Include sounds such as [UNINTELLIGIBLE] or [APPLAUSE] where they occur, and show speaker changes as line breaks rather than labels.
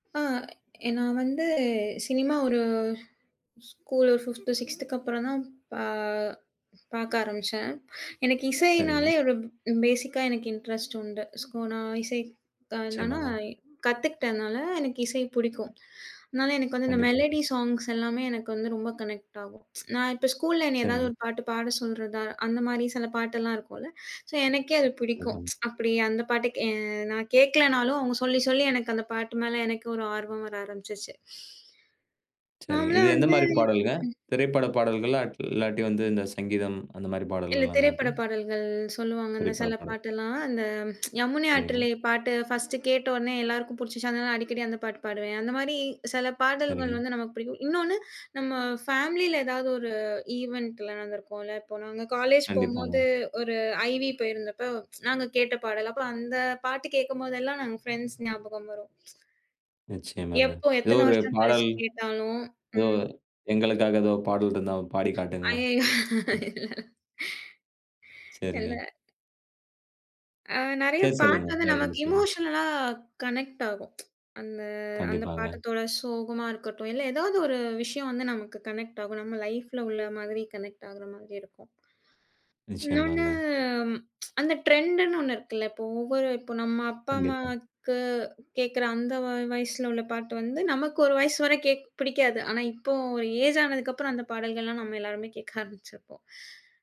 ஆ, எ நான் வந்து, சினிமா ஒரு ஸ்கூலு 5த், 6த் அப்புறம்தான் பா பாக்க ஆரம்பிச்சேன். எனக்கு
சரிங்க.
இசையினாலே ஒரு பேசிக்கா எனக்கு இண்டரெஸ்ட் உண்டு. ஸோ, நான் இசை க என்னனா,
நிச்சயமாங்க.
கத்துக்கிட்டனால எனக்கு இசை புடிக்கும். அதனால எனக்கு வந்து இந்த
கண்டிப்பாங்க.
மெலோடி ஸாங்க்ஸ்லாமே எனக்கு வந்து ரொம்ப கனெக்ட் ஆகும் [TSK] நான் இப்ப ஸ்கூல்ல என்னைய ஏதாவது
சரிங்க.
ஒரு பாட்டு பாடச் சொல்றதா! அந்தமாரி சில பாட்டெல்லாம் இருக்கும்ல. சோ, எனக்கே அது பிடிக்கும்
[UNINTELLIGIBLE]
[TSK] அப்பிடி அந்தப் பாட்டு கே நான் கேட்கலன்னாலும் அவுங்க சொல்லி, சொல்லி எனக்கு அந்தப் பாட்டு மேல எனக்கும் ஒரு ஆர்வம் வர ஆரம்பிச்சுருச்சு. [SIGHS]
சரிங்க.
நாம்லா
இது
வந்து,
எந்தமாரிப் பாடல்ங்க,
ம்.
திரைப்பட பாடல்களா! [UNINTELLIGIBLE] இல்லாட்டி வந்து இந்தச் சங்கீதம் அந்தமாரிப்
இல்ல
பாடல்களாங்க அது?
திரைப்பட பாடல்கள் சொல்லுவாங்க. அந்த
திரைப்பட
சில
பாடல்.
பாட்டெல்லாம் [TSK] அந்த யமுனை
சரிங்க.
ஆற்றிலே பாட்டு ஃபர்ஸ்ட் கேட்ட உடனே எல்லாருக்கும் புடிச்சுருச்சு. அதனால அடிக்கடி அந்தப் பாட்டு பாடுவேன். அந்தமாரி சில பாடல்கள்
சரிங்க.
வந்து நமக்குப் பிடிக்கும். இன்னொன்னு நம்ம ஃபேமிலில ஏதாவது ஒரு ஈவன்ட்ல நடந்துருக்கும் இல்ல. இப்ப நாங்க காலேஜ்
கண்டிப்பாங்க.
போம்போது ஒரு ஐவி போயிருந்தப்ப [TSK] நாங்க கேட்ட பாடல். அப்ப அந்தப் பாட்டு கேக்கும்போதெல்லாம் எனக்கு ஃபிரண்ட்ஸ் ஞாபகம் வரும்.
நிச்சயமாங்க.
எப்போ
ஏதோ
எத்தன
ஒரு
வருஷம்
பாடல்.
கழிச்சு கேட்டாலும்.
ஏதோ
ம்.
எங்களுக்காக ஏதோ ஒரு பாடல் இருந்தா பாடி காட்டுங்களேன்.
அய்யய்யோ!
ம்.
இல்லல. இல்ல.
சரிங்க.
அ நிறைய
சரி, சொல்லுங்க.
பாட்டு வந்து நமக்கு
மேற்கொண்டு
இன்னும்
சொல்லுங்க.
எமோஷனல்லா கனெக்ட் ஆகும். [TSK] அந்த, அந்தப்
கண்டிப்பாங்க.
பாட்டுதோட சோகமா இருக்கட்டும் இல்ல ஏதாவது ஒரு விஷயம் வந்து நமக்கு கனெக்ட் ஆகும். நம்ம லைப்ல உள்ள மாதிரி கனெக்ட் ஆகுற மாதிரி இருக்கும். இன்னொன்னு
நிச்சயமாங்க.
[TSK] அந்த டிரெண்ட்ன்னு ஒண்ணு இருக்குல்ல. இப்போ ஒவ்வொரு இப்போ நம்ம அப்பா
கண்டிப்பா.
அம்மாக்கு கேக்குற அந்த வ வயசுல உள்ள பாட்டு வந்து நமக்கு ஒரு வயசு வர கேக்க பிடிக்காது. ஆனா இப்போ ஒரு ஏஜ் ஆனதுக்கு அப்புறம் அந்தப் பாடல்கள்லாம் நம்ம எல்லாருமே கேக்க ஆரம்பிச்சிருப்போம்.